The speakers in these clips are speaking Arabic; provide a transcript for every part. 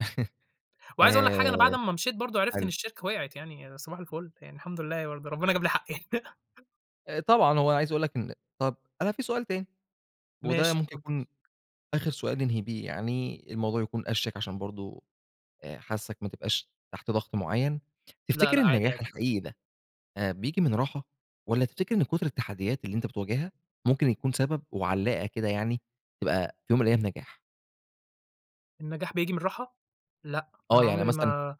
وعايز اقول لك حاجة أنا بعد آآ، أمّا مشيت برضه عرفت إن حلو. الشركة وقعت يعني، صباح الفل يعني، الحمد لله ورب ربنا جاب لي حقّي. أآ، طبعًا هو أنا عايز اقول لك إن طب، أنا في سؤال تاني، وده ماشي، ممكن اتفض يكون آخر سؤال ننهي بيه يعني، الموضوع يكون أشيك عشان برضه آآ، حاسّك ما تبقاش تحت ضغط معيّن. لأ، تفتكر لأ عادي، النجاح عادي. الحقيقي ده، آآ، بييجي من راحة؟ والّا تفتكر إن كُتر التحديات اللي أنت بتواجهها ممكن يكون سبب وعلّاقة كده يعني، تبقى في يوم من الأيام نجاح؟ النجاح بييجي من الراحة؟ لأ، آه، أنا يعني عُمري مثلًا ما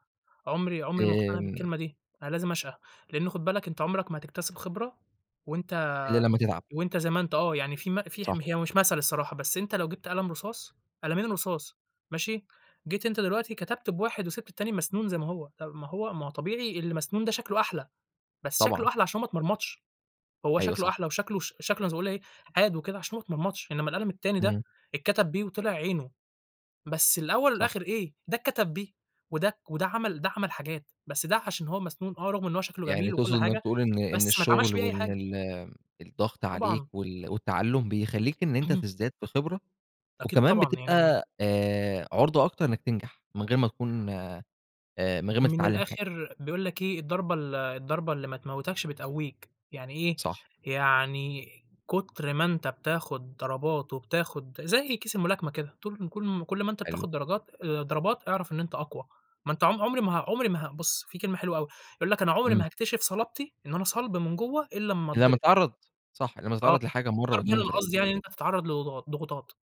عُمري عُمري ما اقتنع آمم. بالكلمة دي. أنا لازم اشقى، لإن خُد بالك أنت عُمرك ما هتكتسب خبرة وأنت إلّا لمّا تتعب. وأنت زي ما أنت. آه، يعني في م في صح. حم هي مش مثل الصراحة بس أنت لو جبت قلم رصاص، قلمين رصاص ماشي؟ جيت أنت دلوقتي كتبت بواحد وسيبت التاني مسنون زي ما هو، ما هو ما هو طبيعي اللي مسنون ده شكله أحلى، بس شكله طبعًا. أحلى عشان ما اتمرمطش. هو أيوه، شكله صح. أحلى وشكله ش شكله زي ما اقول إيه، حاد وكده عشان ما اتمرمطش. إنّما القلم التاني ده إمم. اتكتب بيه وطلع عينه بس الأول صح. والآخر إيه، ده اتكتب بيه ودك وده عمل ده عمل حاجات بس ده عشان هو مسنون آه، رغم إن هو شكله يعني جميل وكل تقصد إنّك حاجة، تقول إن إن بس ما اتعملش الشغل بيه أي وإن حاجة. ال آمم، الضغط عليك طبعًا. وال والتعلم، بيخلّيك إن أنت تزداد في خبرة أكيد وكمان طبعًا، يعني بتبقى آآ، عُرضة أكتر إنّك تنجح، من غير ما تكون آآ، من غير ما من تتعلم حاجة؟ الآخر بيقول لك إيه، الضربة ال الضربة اللي ما تموتكش بتقويك. يعني إيه؟ صح. يعني كُتر ما أنت بتاخد ضربات وبتاخد زي كيس الملاكمة كده طول كل م كل ما أنت حلو. بتاخد درجات آآ، ضربات أعرف إن أنت أقوى. ما أنت عم عُمري ما ه عُمري ما ه بُص، في كلمة حلوة أوي يقول لك: "أنا عُمري ما إمم. هاكتشف صلابتي، إن أنا صلب من جوّا إلّا أمّا إلّا ما اتضرب." تتعرّض صح، إلّا ما آه، تتعرّض لحاجة مرّة الضرب واتنين هنا أنا وتلاتة. قصدي يعني إن أنت تتعرّض لض ضغ ضغوطات.